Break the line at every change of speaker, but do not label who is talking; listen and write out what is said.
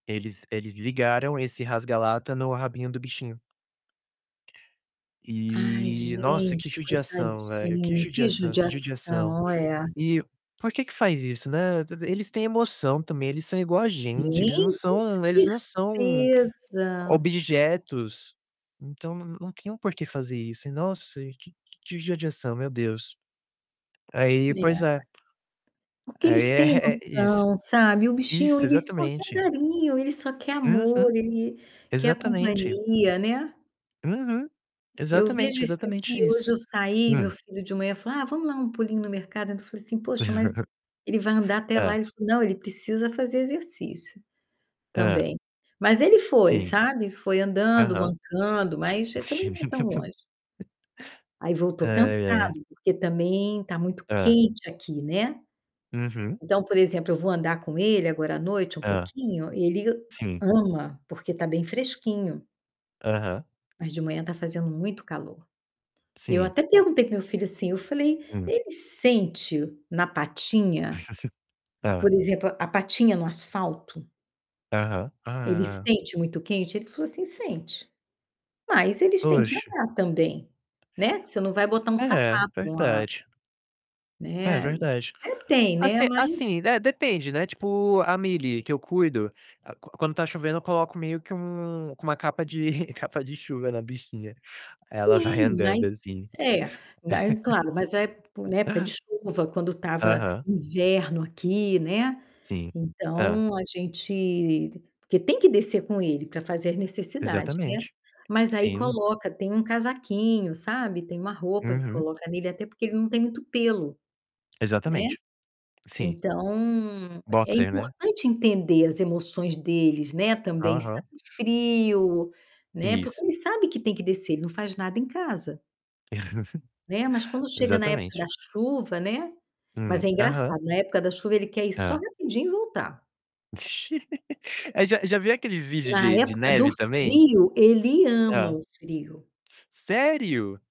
Eles eles ligaram esse rasga lata no rabinho do bichinho.
Ai
E, nossa, que
gente,
judiação, velho, que
coitadinho, que
judiação que judiação.
judiação. É.
E por que que faz isso, né. E eles têm emoção também, eles são igual a
Tem
gente, eles não
[unintelligible] com
são eles não são
certeza.
objetos, então não não tinham porque fazer isso, e, nossa, que que judiação, meu Deus. Aí
É.
pois é.
Porque
Aí
eles têm
é é isso.
noção, sabe, o bichinho
Isso,
ele só quer
exatamente.
carinho, ele só quer
Uhum.
amor, ele quer a
Exatamente.
companhia, né.
Uhum.
Eu vejo
Exatamente,
isso aqui,
exatamente
hoje
isso.
eu saí, meu
Hum.
filho de manhã falou: "Ah vamos dar um pulinho no mercado". Eu ainda falei assim: "Poxa mas, ele vai andar até lá?".
Hã.
Ele falou: "Não, ele precisa fazer exercício,
Hã.
também". Mas ele foi,
Sim.
sabe, foi andando,
Aham.
mancando, mas ah, também
Sim.
não é tão longe. Aí voltou
Ai, é.
cansado, porque também tá muito
Hã.
quente aqui, né.
Uhum.
Então, por exemplo, eu vou andar com ele agora à noite um
Hã.
pouquinho, ele
Sim.
ama, porque tá bem fresquinho.
Aham.
Mas de manhã tá fazendo muito calor. Eu
Sim.
até perguntei para o meu filho assim, eu falei:
Hum.
"Ele sente na patinha?
Hã.
Por exemplo, a patinha no asfalto"
Aham.
"ele
Ah.
sente muito quente?". Ele falou, assim: "Sente. Mas eles têm que
Oxe!
andar também, né". Que você não vai botar um
É,
sapato, uma
verdade. É
Né.
verdade.
Até tem, né,
Assi
mas
assim, é, depende, né, tipo a Mili, que eu cuido, a quando tá chovendo eu coloco meio que um com uma capa de capa de chuva na bichinha, aí ela vai
Sim. Mas
andando assim.
é, daí claro, mas a ép na época de chuva quando estava
Aham.
inverno aqui, né.
Sim. Hã.
Então a gente porque tem que descer com ele para fazer as necessidade, né.
Exatamente.
Mas aí
Sim.
coloca tem um casaquinho, sabe, tem uma roupa que
Uhum.
coloca nele, até porque ele não tem muito pelo, né.
Exatamente, sim.
Então é
Boxer, né.
importante entender as emoções deles, né, também
Aham.
sentem frio, né. Porque
Isso.
ele sabe que tem que descer, ele não faz nada em casa. Né, mas quando chega na época da
Exatamente.
chuva né, mas é
Hum. Aham.
engraçado na época da chuva ele quer ir só
Hã.
rapidinho e voltar.
Eh, já já viu aqueles vídeo
Na
de de
época do
neve também?
frio, ele ama
Hã.
o frio.
Sério?